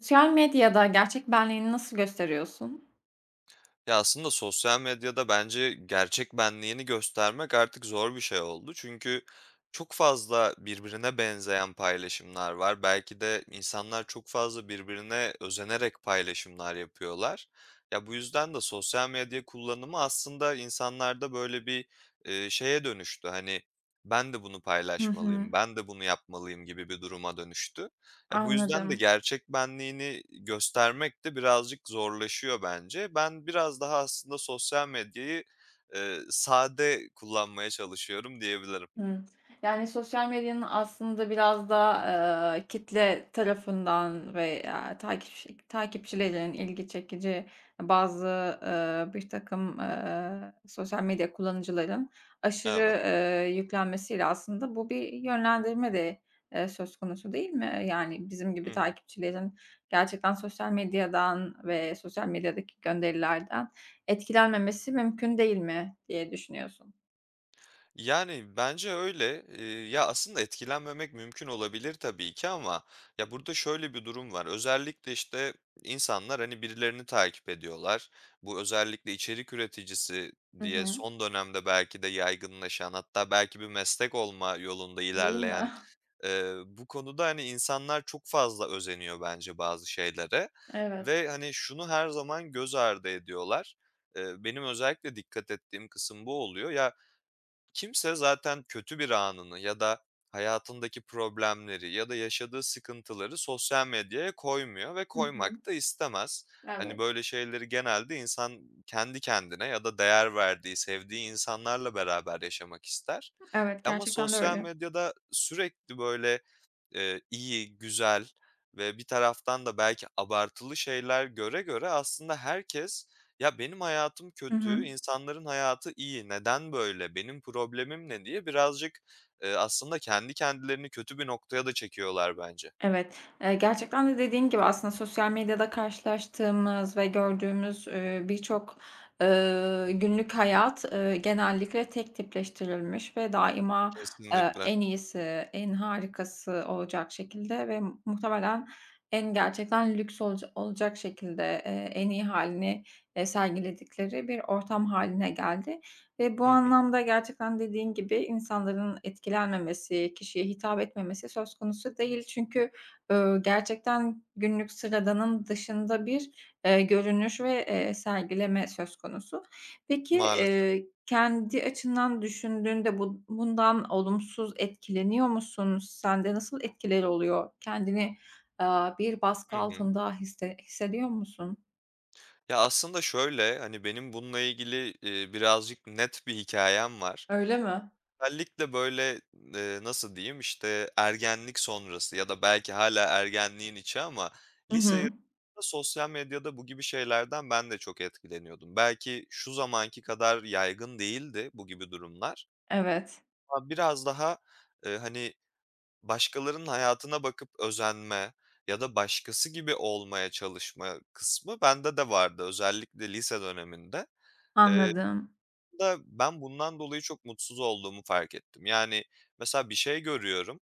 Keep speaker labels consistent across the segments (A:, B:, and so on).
A: Sosyal medyada gerçek benliğini nasıl gösteriyorsun?
B: Ya, aslında sosyal medyada bence gerçek benliğini göstermek artık zor bir şey oldu çünkü çok fazla birbirine benzeyen paylaşımlar var. Belki de insanlar çok fazla birbirine özenerek paylaşımlar yapıyorlar. Ya, bu yüzden de sosyal medya kullanımı aslında insanlarda böyle bir, eee, şeye dönüştü, hani, ben de bunu
A: Hı hı.
B: paylaşmalıyım, ben de bunu yapmalıyım gibi bir duruma dönüştü. E bu yüzden de
A: Anladım.
B: gerçek benliğini göstermek de birazcık zorlaşıyor bence. Ben biraz daha aslında sosyal medyayı, eee, sade kullanmaya çalışıyorum diyebilirim.
A: Hı, yani, sosyal medyanın aslında biraz da, eee, kitle tarafından veya takipçi takipçilerinin ilgi çekici, bazı, ııı, birtakım, eee, sosyal medya kullanıcıların aşırı,
B: Evet.
A: eee, yüklenmesiyle aslında bu bir yönlendirme de, eee, söz konusu, değil mi? Eee, yani, bizim gibi
B: Hı hı.
A: takipçilerin gerçekten sosyal medyadan ve sosyal medyadaki gönderilerden etkilenmemesi mümkün değil mi diye düşünüyorsun.
B: Yani, bence öyle, iii, ya, aslında etkilenmemek mümkün olabilir tabii ki ama ya, burada şöyle bir durum var: Özellikle, işte, insanlar, hani, birilerini takip ediyorlar. Bu özellikle içerik üreticisi
A: Hı
B: diye
A: hı.
B: son dönemde belki de yaygınlaşan hatta belki bir meslek olma yolunda
A: Değil mi?
B: ilerleyen, ııı, bu konuda, hani, insanlar çok fazla özeniyor bence bazı şeylere
A: Evet.
B: ve, hani, şunu her zaman göz ardı ediyorlar. Iıı, benim özellikle dikkat ettiğim kısım bu oluyor. Ya, kimse zaten kötü bir anını ya da hayatındaki problemleri ya da yaşadığı sıkıntıları sosyal medyaya koymuyor ve
A: Hı hı.
B: koymak da istemez. Hani,
A: Evet.
B: böyle şeyleri genelde insan kendi kendine ya da değer verdiği, sevdiği insanlarla beraber yaşamak ister.
A: Evet,
B: Ama
A: gerçekten de
B: sosyal
A: öyle.
B: medyada sürekli böyle, ııı, iyi, güzel ve bir taraftan da belki abartılı şeyler göre göre aslında herkes "Ya, benim hayatım
A: Hı hı.
B: kötü, insanların hayatı iyi. Neden böyle, benim problemim ne diye?" birazcık, ııı, aslında kendi kendilerini kötü bir noktaya da çekiyorlar bence.
A: Evet, eee, gerçekten de, dediğin gibi, aslında sosyal medyada karşılaştığımız ve gördüğümüz, ııı, birçok, ııı, günlük hayat, ııı, genellikle tek tipleştirilmiş ve daima, eee,
B: Kesinlikle.
A: en iyisi, en harikası olacak şekilde ve mu muhtemelen en gerçekten lüks olaca olacak şekilde, eee, en iyi hâlini, eee, sergiledikleri bir ortam hâline geldi ve bu
B: Hı hı.
A: anlamda gerçekten, dediğin gibi, insanların etkilenmemesi, kişiye hitap etmemesi söz konusu değil. Çünkü, ııı, gerçekten günlük sıradanın dışında bir, ııı, görünüş ve, ııı, sergileme söz konusu. Peki,
B: Maalesef.
A: ııı, kendi açından düşündüğünde bu bundan olumsuz etkileniyor musun? Sen de nasıl etkileri oluyor? Kendini, ııı, bir baskı
B: Hı hı.
A: altında hisse hissediyor musun?
B: Ya, aslında şöyle: Hani benim bununla ilgili, iii, birazcık net bir hikâyem var.
A: Öyle mi?
B: Özellikle böyle, ııı, nasıl diyeyim, işte, ergenlik sonrası ya da belki hâlâ ergenliğin içi ama
A: Hı
B: lise
A: hı.
B: yıllarında sosyal medyada bu gibi şeylerden ben de çok etkileniyordum. Belki şu zamanki kadar yaygın değildi bu gibi durumlar.
A: Evet.
B: Ya, biraz daha, ııı, hani, başkalarının hayatına bakıp özenme ya da başkası gibi olmaya çalışma kısmı bende de vardı. Özellikle lise döneminde. Iıı,
A: Anladım.
B: aslında ben bundan dolayı çok mutsuz olduğumu fark ettim. Yani, mesela, bir şey görüyorum,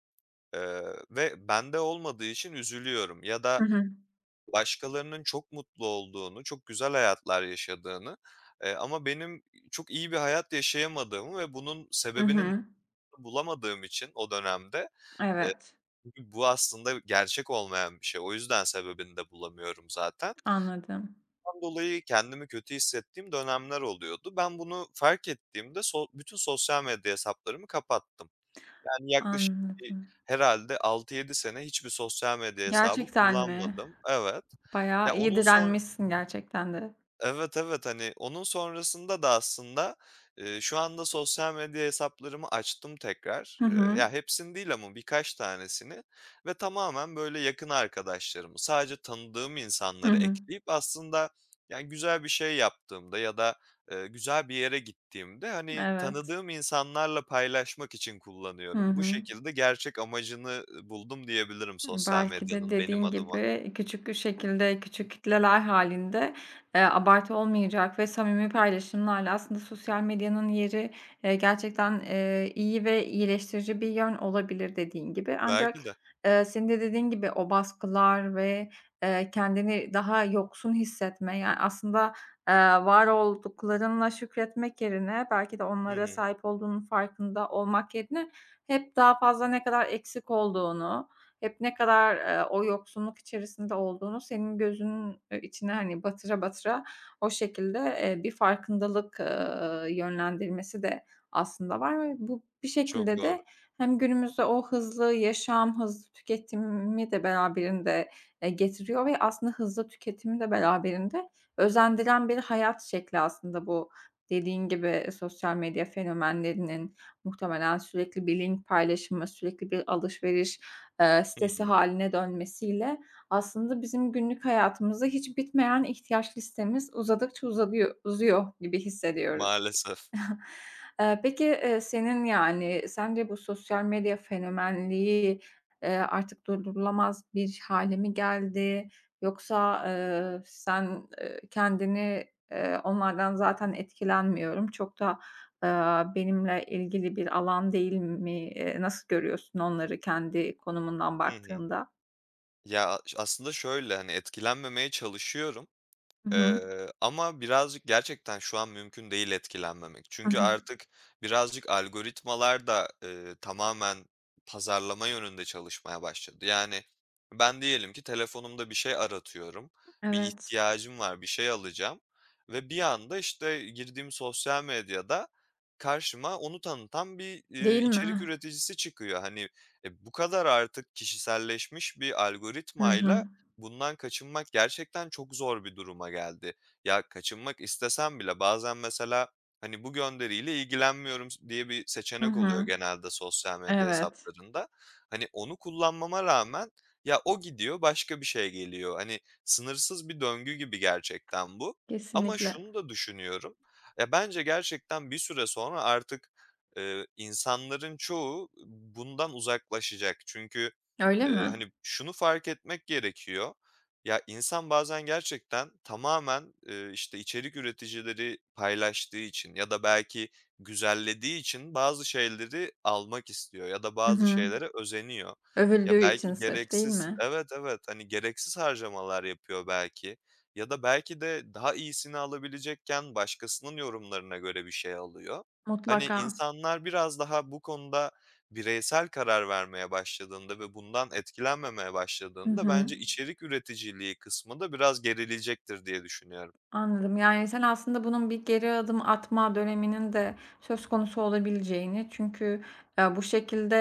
B: ııı, ve bende olmadığı için üzülüyorum ya
A: Hı
B: da
A: hı.
B: başkalarının çok mutlu olduğunu, çok güzel hayatlar yaşadığını, ııı, ama benim, iii, çok iyi bir hayat yaşayamadığımı ve bunun
A: Hı
B: sebebinin
A: hı.
B: bu bulamadığım için o dönemde, ııı,
A: Evet.
B: b bu aslında gerçek olmayan bir şey. O yüzden sebebini de bulamıyorum zaten.
A: Anladım.
B: Bundan dolayı kendimi kötü hissettiğim dönemler oluyordu. Ben bunu fark ettiğimde so bütün sosyal medya hesaplarımı kapattım. Yani yaklaşık bir
A: Anladım.
B: herhâlde 6-7 sene hiçbir sosyal medya hesabı
A: Gerçekten mi?
B: kullanmadım. Evet.
A: Bayağı
B: Ya,
A: iyi
B: onun sonr
A: direnmişsin gerçekten de.
B: Evet, evet. Hani, onun sonrasında da aslında, ııı, şu anda sosyal medya hesaplarımı açtım tekrar.
A: Hı
B: Iıı,
A: hı.
B: ya hepsini değil ama birkaç tanesini ve tamamen böyle yakın arkadaşlarımı, sadece tanıdığım
A: Hı
B: insanları
A: hı.
B: ekleyip aslında yani güzel bir şey yaptığımda ya da, ııı, güzel bir yere gittiğimde, hani,
A: Evet.
B: tanıdığım insanlarla paylaşmak için
A: Hı
B: kullanıyorum. Bu
A: hı.
B: şekilde gerçek amacını, ııı, buldum diyebilirim
A: Hı,
B: sosyal
A: belki de,
B: medyanın benim
A: dediğin
B: adıma.
A: gibi, küçük bir şekilde, küçük kitleler hâlinde, eee, abartı olmayacak ve samimi paylaşımlarla aslında sosyal medyanın yeri, eee, gerçekten, eee, iyi ve iyileştirici bir yön olabilir, dediğin gibi, ancak,
B: Belki de.
A: ııı, senin de, dediğin gibi, o baskılar ve, ııı, kendini daha yoksun hissetme ya aslında, eee, var olduklarınla şükretmek yerine belki de
B: Hı
A: onlara
B: hı.
A: sahip olduğunun farkında olmak yerine hep daha fazla ne kadar eksik olduğunu, hep ne kadar, eee, o yoksunluk içerisinde olduğunu senin gözünün, ııı, içine, hani, batıra batıra o şekilde, eee, bir farkındalık, ııı, yönlendirmesi de aslında var ve bu bir
B: Çok
A: şekilde
B: doğru.
A: de hem günümüzde o hızlı yaşam, hızlı tüketimi de beraberinde, eee, getiriyor ve aslında hızlı tüketimi de beraberinde özendiren bir hayat şekli aslında bu, dediğin gibi, sosyal medya fenomenlerinin muhtemelen sürekli bir link paylaşımı, sürekli bir alışveriş, eee,
B: Hı
A: sitesi
B: hı.
A: hâline dönmesiyle aslında bizim günlük hayatımızda hiç bitmeyen ihtiyaç listemiz uzadıkça uzadıyo uzuyor gibi hissediyoruz.
B: Maalesef.
A: Iıı, peki, ııı, senin yani sence bu sosyal medya fenomenliği, ııı, artık durdurulamaz bir hâle mi geldi, yoksa, eee, sen, eee, kendini, eee, onlardan zaten etkilenmiyorum, çok da, ııı, benimle ilgili bir alan değil m mi, ııı, nasıl görüyorsun onları kendi konumundan
B: Hı hı.
A: baktığında?
B: Ya, a aslında şöyle: Hani, etkilenmemeye çalışıyorum.
A: Hı hı.
B: Iıı, ama birazcık gerçekten şu an mümkün değil etkilenmemek
A: Hı
B: çünkü
A: hı.
B: artık birazcık algoritmalar da, ııı, tamamen pazarlama yönünde çalışmaya başladı. Yani ben diyelim ki, telefonumda bir şey aratıyorum, bir
A: Evet.
B: ihtiyacım var, bir şey alacağım ve bir anda, işte, girdiğim sosyal medyada karşıma onu tanıtan bir, iii,
A: Değil
B: içerik
A: mi?
B: üreticisi çıkıyor. Hani, e, bu kadar artık kişiselleşmiş bir
A: Hı hı.
B: algoritmayla bundan kaçınmak gerçekten çok zor bir duruma geldi. Ya, kaçınmak istesem bile bazen mesela, hani, "Bu gönderiyle ilgilenmiyorum." s diye bir
A: Hı
B: seçenek oluyor
A: hı.
B: genelde sosyal medya
A: Evet.
B: hesaplarında. Hani, onu kullanmama rağmen ya o gidiyor başka bir şey geliyor. Hani, sınırsız bir döngü gibi gerçekten bu ama
A: Kesinlikle.
B: şunu da düşünüyorum. Ya, bence gerçekten bir süre sonra artık, ııı, insanların çoğu, ııı, bundan uzaklaşacak. Çünkü,
A: Öyle
B: ııı,
A: mi?
B: hani, şunu fark etmek gerekiyor: Ya, insan bazen gerçekten tamamen, ııı, işte, içerik üreticileri paylaştığı için ya da belki güzellediği için bazı şeyleri almak istiyor ya da
A: Hı
B: bazı
A: hı.
B: şeylere özeniyor. Ya,
A: Övüldüğü için
B: belki
A: sırf, değil
B: gereksiz...
A: mi?
B: Evet, evet. Hani, gereksiz harcamalar yapıyor belki ya da belki de daha iyisini alabilecekken başkasının yorumlarına göre bir şey alıyor. Hani,
A: Mutlaka.
B: insanlar biraz daha bu konuda bireysel karar vermeye başladığında ve bundan etkilenmemeye
A: Hı
B: başladığında
A: hı.
B: bence içerik üreticiliği kısmı da biraz gerileyecektir diye düşünüyorum.
A: Anladım. Yani, sen aslında bunun bir geri adım atma döneminin de söz konusu olabileceğini çünkü ya bu şekilde,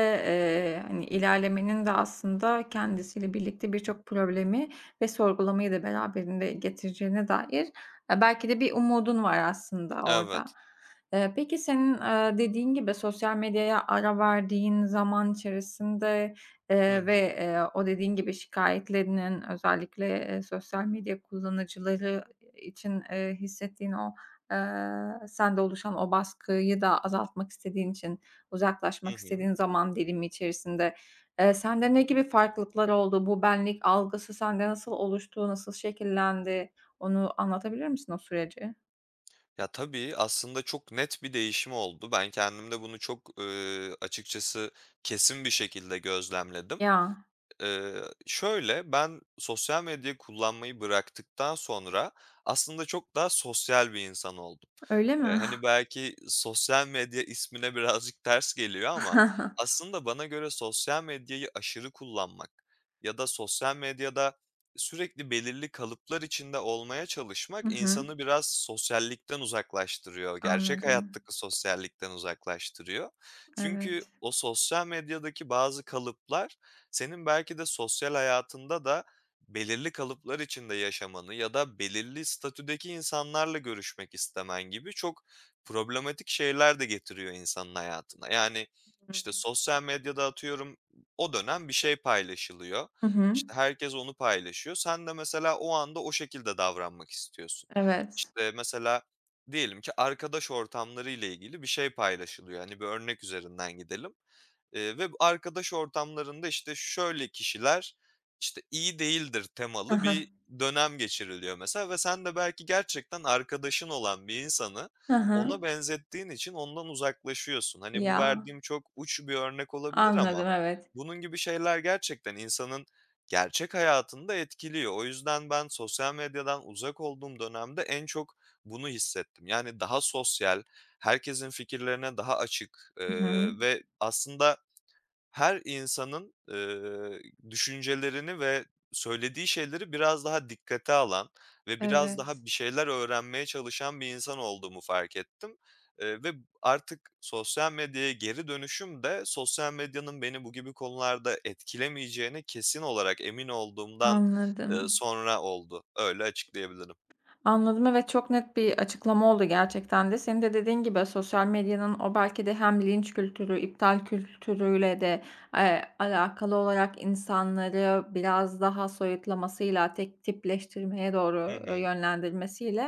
A: ııı, hani, ilerlemenin de aslında kendisiyle birlikte birçok problemi ve sorgulamayı da beraberinde getireceğine dair e, belki de bir umudun var aslında orada.
B: Evet.
A: Iıı, peki, senin, ııı, dediğin gibi, sosyal medyaya ara verdiğin zaman içerisinde,
B: Hı
A: ııı,
B: hı.
A: ve, ııı, o, dediğin gibi, şikâyetlerinin özellikle, eee, sosyal medya kullanıcıları i için, ııı, hissettiğin o, ııı, sende oluşan o baskıyı da azaltmak istediğin için,
B: Hı
A: uzaklaşmak
B: hı.
A: istediğin zaman dilimi içerisinde, eee, sende ne gibi farklılıklar oldu? Bu benlik algısı sende nasıl oluştu? Nasıl şekillendi? Onu anlatabilir misin o süreci?
B: Ya, tabii, aslında çok net bir değişim oldu. Ben kendimde bunu çok, ııı, açıkçası kesin bir şekilde gözlemledim.
A: Ya.
B: Iıı, şöyle: Ben sosyal medyayı kullanmayı bıraktıktan sonra aslında çok daha sosyal bir insan oldum.
A: Öyle
B: Iıı,
A: mi?
B: hani, belki sosyal medya ismine birazcık ters geliyor ama aslında bana göre sosyal medyayı aşırı kullanmak ya da sosyal medyada sürekli belirli kalıplar içinde olmaya
A: Hı
B: çalışmak,
A: hı.
B: insanı biraz sosyallikten uzaklaştırıyor. Gerçek
A: Anladım.
B: hayattaki sosyallikten uzaklaştırıyor. Çünkü
A: Evet.
B: o sosyal medyadaki bazı kalıplar senin belki de sosyal hayatında da belirli kalıplar içinde yaşamanı ya da belirli statüdeki insanlarla görüşmek istemen gibi çok problematik şeyler de getiriyor insanın hayatına. Yani,
A: Hı hı.
B: işte, sosyal medyada, atıyorum, o dönem bir şey paylaşılıyor.
A: Hı hı.
B: İşte, herkes onu paylaşıyor. Sen de mesela o anda o şekilde davranmak istiyorsun.
A: Evet.
B: İşte, mesela diyelim ki arkadaş ortamları ile ilgili bir şey paylaşılıyor. Hani, bir örnek üzerinden gidelim, ııı, ve arkadaş ortamlarında, işte, şöyle kişiler, işte, iyi değildir
A: Hı
B: temalı
A: hı.
B: bir dönem geçiriliyor mesela ve sen de belki gerçekten arkadaşın olan bir insanı
A: Hı
B: ona
A: hı.
B: benzettiğin için ondan uzaklaşıyorsun. Hani, bu
A: Ya.
B: verdiğim çok uç bir örnek olabilir
A: Anladım
B: ama
A: evet.
B: bunun gibi şeyler gerçekten insanın gerçek hayatını da etkiliyor. O yüzden ben sosyal medyadan uzak olduğum dönemde en çok bunu hissettim. Yani daha sosyal, herkesin fikirlerine daha açık,
A: Hı hı.
B: ııı, ve aslında her insanın, ııı, düşüncelerini ve söylediği şeyleri biraz daha dikkate alan ve biraz
A: Evet.
B: daha bir şeyler öğrenmeye çalışan bir insan olduğumu fark ettim. Iıı ve artık sosyal medyaya geri dönüşüm de sosyal medyanın beni bu gibi konularda etkilemeyeceğine kesin olarak emin olduğumdan, ııı,
A: Anladım.
B: sonra oldu. Öyle açıklayabilirim.
A: Anladım, evet, çok net bir açıklama oldu gerçekten de. Senin de, dediğin gibi, sosyal medyanın o belki de hem linç kültürü, iptal kültürüyle de, eee, alakalı olarak insanları biraz daha soyutlamasıyla tek tipleştirmeye doğru,
B: Hı
A: ııı,
B: hı.
A: yönlendirmesiyle,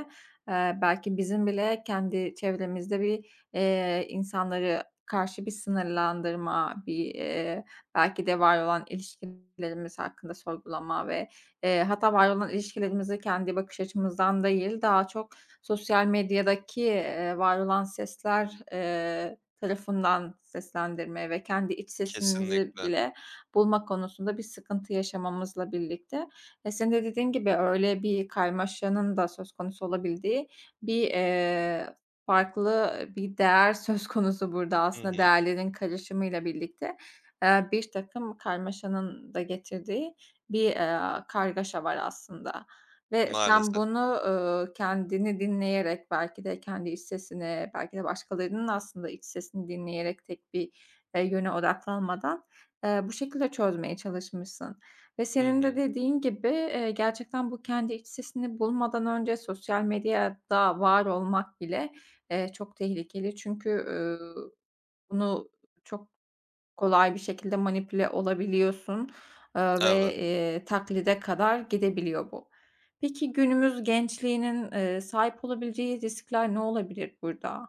A: ııı, belki bizim bile kendi çevremizde bir, iii, insanları karşı bir sınırlandırma, bir, ııı, belki de var olan ilişkilerimiz hakkında sorgulama ve, eee, hatta var olan ilişkilerimize kendi bakış açımızdan değil, daha çok sosyal medyadaki, iii, var olan sesler, eee, tarafından seslendirmeye ve kendi iç sesimizi
B: Kesinlikle.
A: bile bulma konusunda bir sıkıntı yaşamamızla birlikte, e, senin de, dediğin gibi, öyle bir karmaşanın da söz konusu olabildiği bir, iii, farklı, ııı, bir değer söz konusu burada
B: Hı
A: aslında
B: hı.
A: değerlerin karışımıyla birlikte, ııı, birtakım karmaşanın da getirdiği bir, ııı, kargaşa var aslında. Ve sen
B: Maalesef.
A: bunu, uuu, kendini dinleyerek belki de kendi iç sesini belki de başkalarının da aslında iç sesini dinleyerek tek bir, eee, yöne odaklanmadan, ııı, bu şekilde çözmeye çalışmışsın. Ve
B: Hı
A: senin de,
B: hı.
A: dediğin gibi, iii, gerçekten bu kendi iç sesini bulmadan önce sosyal medyada var olmak bile, ııı, çok tehlikeli. Çünkü, üüü, bunu çok kolay bir şekilde manipüle olabiliyorsun, eee, ve,
B: Evet.
A: ııı, taklide kadar gidebiliyor bu. Peki, günümüz gençliğinin, ııı, sahip olabileceği riskler ne olabilir burada?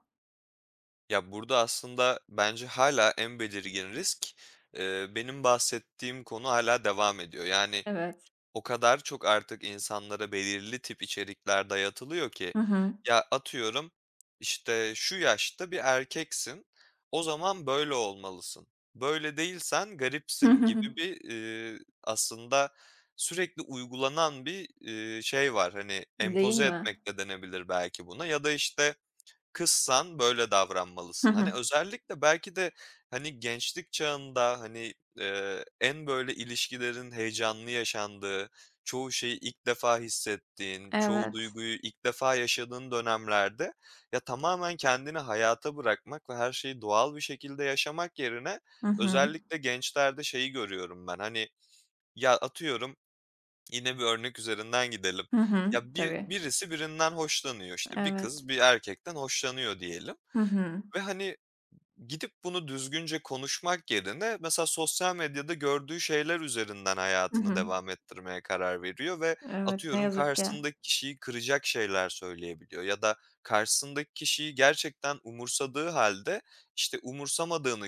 B: Ya, burada aslında, bence hâlâ en belirgin risk, eee, benim bahsettiğim konu, hâlâ devam ediyor. Yani,
A: Evet.
B: o kadar çok artık insanlara belirli tip içerikler dayatılıyor ki
A: Hı hı.
B: ya, atıyorum, işte, "Şu yaşta bir erkeksin, o zaman böyle olmalısın. Böyle değilsen garipsin." gibi bir, eee, aslında, sürekli uygulanan bir, eee, şey var. Hani,
A: Değil
B: empoze
A: mi?
B: etmek de denebilir belki buna ya da, işte, "Kızsan böyle
A: Hı
B: davranmalısın." Hani,
A: hı.
B: özellikle belki de, hani, gençlik çağında, hani, eee, en, böyle, ilişkilerin heyecanlı yaşandığı, çoğu şeyi ilk defa hissettiğin, çoğu
A: Evet.
B: duyguyu ilk defa yaşadığın dönemlerde ya, tamamen kendini hayata bırakmak ve her şeyi doğal bir şekilde yaşamak yerine,
A: Hı hı.
B: özellikle gençlerde şeyi görüyorum ben, hani, ya, atıyorum; yine bir örnek üzerinden gidelim.
A: Hı hı,
B: Ya, bir
A: tabii.
B: birisi birinden hoşlanıyor, işte, bir
A: Evet.
B: kız bir erkekten hoşlanıyor diyelim.
A: Hı hı.
B: Ve, hani, gidip bunu düzgünce konuşmak yerine, mesela sosyal medyada gördüğü şeyler üzerinden
A: Hı
B: hayatını
A: hı.
B: devam ettirmeye karar veriyor ve
A: Evet, ne
B: atıyorum,
A: yazık ki.
B: karşısındaki kişiyi kıracak şeyler söyleyebiliyor ya da karşısındaki kişiyi gerçekten umursadığı hâlde, işte, umursamadığını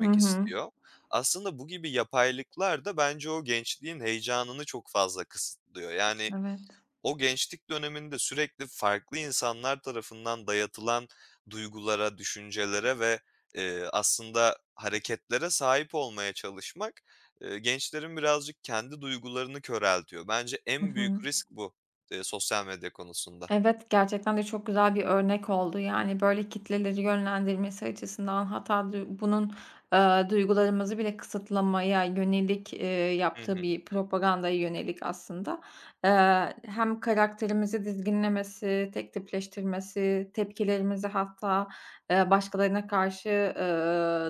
A: Hı hı.
B: istiyor. Aslında bu gibi yapaylıklar da bence o gençliğin heyecanını çok fazla kısıtlıyor. Yani,
A: Evet.
B: o gençlik döneminde, sürekli farklı insanlar tarafından dayatılan duygulara, düşüncelere ve, eee, aslında hareketlere sahip olmaya çalışmak, eee, gençlerin birazcık kendi duygularını köreltiyor. Bence
A: I
B: en büyük
A: hı.
B: risk bu, eee, sosyal medya konusunda.
A: Evet, gerçekten de çok güzel bir örnek oldu. Yani ,böyle kitleleri yönlendirmesi açısından hatta duy bunun, eee, duygularımızı bile kısıtlamaya yönelik, eee,
B: Hı
A: yaptığı
B: hı.
A: bir propagandaya yönelik aslında, eee, hem karakterimizi dizginlemesi, tektipleştirmesi, tepkilerimizi hatta, eee, başkalarına karşı, eee,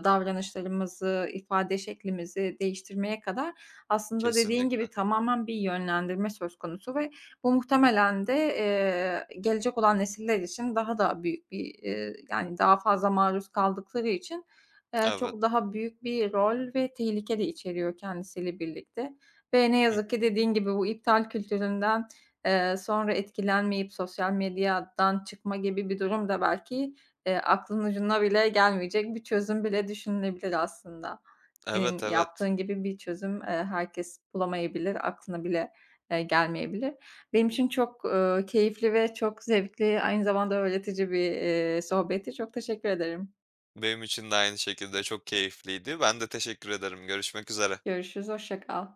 A: davranışlarımızı, ifade şeklimizi değiştirmeye kadar, aslında dediğin
B: Kesinlikle.
A: gibi tamamen bir yönlendirme söz konusu ve bu muhtemelen de, eee, gelecek olan nesiller için daha da büyük bir, eee, yani daha fazla maruz kaldıkları için, eee,
B: Evet.
A: çok daha büyük bir rol ve tehlike de içeriyor kendisiyle birlikte ve ne
B: Hı
A: yazık
B: hı.
A: ki dediğin gibi bu iptal kültüründen, eee, sonra etkilenmeyip sosyal medyadan çıkma gibi bir durum da belki, eee, aklının ucuna bile gelmeyecek bir çözüm bile düşünülebilir aslında. Senin
B: Evet, evet.
A: yaptığın gibi bir çözüm, eee, herkes bulamayabilir, aklına bile, eee, gelmeyebilir. Benim için çok, eee, keyifli ve çok zevkli, aynı zamanda öğretici bir, eee, sohbetti. Çok teşekkür ederim.
B: Benim için de aynı şekilde çok keyifliydi. Ben de teşekkür ederim, görüşmek üzere.
A: Görüşürüz, hoşça kal.